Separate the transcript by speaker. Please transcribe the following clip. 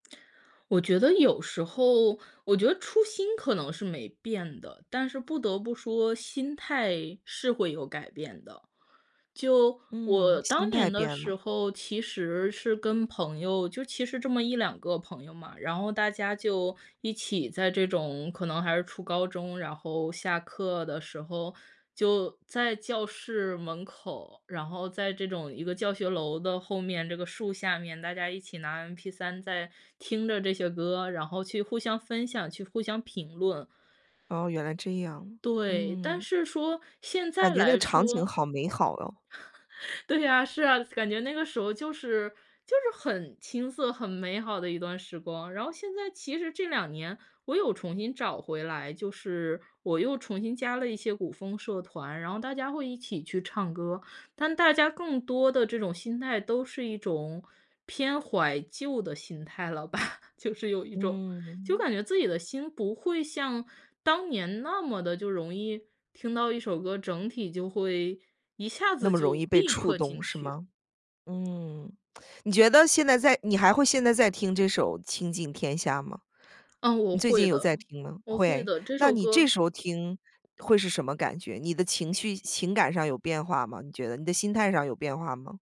Speaker 1: 我觉得有时候我觉得初心可能是没变的，但是不得不说，心态是会有改变的。就我
Speaker 2: 嗯，
Speaker 1: 当
Speaker 2: 心态
Speaker 1: 年的
Speaker 2: 变
Speaker 1: 时
Speaker 2: 了。
Speaker 1: 候，其实是跟朋友，就其实这么1-2个朋友嘛，然后大家就一起在这种可能还是初高中，然后下课的时候，就在教室门口，然后在这种一个教学楼的后面，这个树下面，大家一起拿 mp3 在听着这些歌，然后去互相分享、去互相评论。
Speaker 2: 哦，原来这样，
Speaker 1: 对，但
Speaker 2: 嗯。
Speaker 1: 是说，现
Speaker 2: 感
Speaker 1: 在
Speaker 2: 觉那个
Speaker 1: 来
Speaker 2: 场景
Speaker 1: 说
Speaker 2: 好美好哦。
Speaker 1: 对呀，是啊，感觉那个时候就是就是很青涩、很美好的一段时光。然后现在其实这2年，我有重新找回来，就是我又重新加了一些古风社团，然后大家会一起去唱歌。但大家更多的这种心态都是一种偏怀旧的心态了吧，就是有一种就
Speaker 2: 嗯。
Speaker 1: 感觉自己的心不会像当年那么地就容易听到一首歌，整体就会一下
Speaker 2: 那
Speaker 1: 子
Speaker 2: 么容易
Speaker 1: 就
Speaker 2: 被
Speaker 1: 立
Speaker 2: 触
Speaker 1: 刻
Speaker 2: 动
Speaker 1: 进
Speaker 2: 是
Speaker 1: 去。
Speaker 2: 吗？嗯，你觉得现在再你还会现在再听这首《倾尽天下》吗？
Speaker 1: 嗯，我
Speaker 2: 你最近
Speaker 1: 会
Speaker 2: 有
Speaker 1: 的，
Speaker 2: 在听吗？
Speaker 1: 我会
Speaker 2: 会，
Speaker 1: 的，这
Speaker 2: 那
Speaker 1: 首
Speaker 2: 你这
Speaker 1: 歌
Speaker 2: 时候听，会是什么感觉？你的情绪情感上有变化吗，你觉得？你的心态上有变化吗？